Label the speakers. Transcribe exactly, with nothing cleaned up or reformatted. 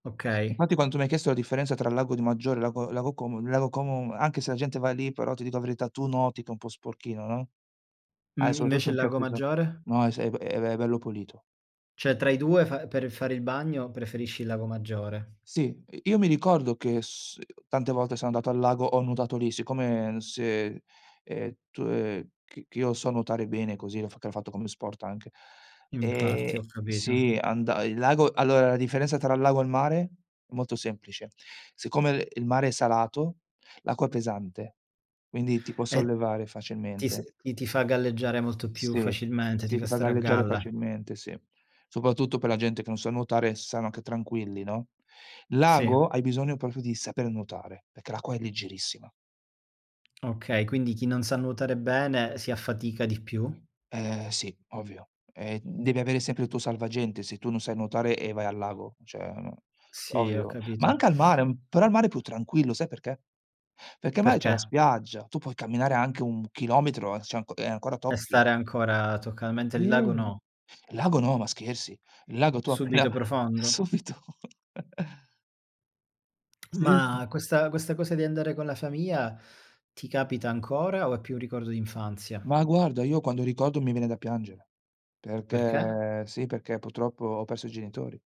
Speaker 1: Okay.
Speaker 2: Infatti quanto mi hai chiesto la differenza tra Lago di Maggiore e Lago Lago Como, il Lago Como, anche se la gente va lì però ti dico la verità, tu noti che è un po' sporchino, no. Ah
Speaker 1: Mh.
Speaker 2: soprattutto
Speaker 1: Invece il
Speaker 2: in
Speaker 1: Lago
Speaker 2: certe zo
Speaker 1: Maggiore?
Speaker 2: no è s è b è be bello pulito.
Speaker 1: ceh tra i due fa per fare il bagno preferisci il Lago Maggiore.
Speaker 2: Sì, ehm, io mi ricordo che s ehm, tante volte sono andato al lago ho nuotato lì. Siccome se, ehm, tu ehm, che che io so nuotare bene così, l'ho f che l'ho fatto come sport anche. Ehm,
Speaker 1: Infatti, ho capito.
Speaker 2: sì, anda il lago allora, la differenza tra il lago e il mare molto semplice: siccome, ehm, il mare è salato, l'acqua è pesante, quindi ti può
Speaker 1: E
Speaker 2: sollevare
Speaker 1: ti s
Speaker 2: facilmente.
Speaker 1: i ti fa galleggiare molto più
Speaker 2: Sì, sì,
Speaker 1: facilmente, ti
Speaker 2: sì,
Speaker 1: fa
Speaker 2: ti fa
Speaker 1: stare a
Speaker 2: galleggiare
Speaker 1: galla.
Speaker 2: facilmente, sì. Soprattutto per la gente che non sa nuotare, sanno anche tranquilli, no. Il
Speaker 1: Sì.
Speaker 2: lago hai bisogno popio di saper nuotare, perché l'acqua è leggerissima.
Speaker 1: Okay, quindi chi non sa nuotare bene si affatica di più?
Speaker 2: Eh sì, ovvio. Ehm, devi avere sempre il tuo salvagente se tu non sai nuotare e vai al lago, ceh no,
Speaker 1: Sì, ho
Speaker 2: ovvio. Ma
Speaker 1: capito.
Speaker 2: anche al mare m però al mare è più tranquillo, sai perché: perché al mare c'è la
Speaker 1: Perché?
Speaker 2: spiaggia, tu puoi camminare anche un chilometro e c'è anco e ancora
Speaker 1: E
Speaker 2: tocchi.
Speaker 1: stare ancora toccalmente il lago
Speaker 2: Mh.
Speaker 1: no.
Speaker 2: Il lago no, ma scherzi. Il lago tu appena
Speaker 1: Subito profondo.
Speaker 2: subito. Sì.
Speaker 1: Ma questa questa cosa di andare con la famiia ti capita ancora o è più un ricordo d'infanzia?
Speaker 2: Ma guarda io quando ricordo mi viene da piangere.
Speaker 1: Perché?
Speaker 2: Perché sì perché purtroppo ho perso i genitori.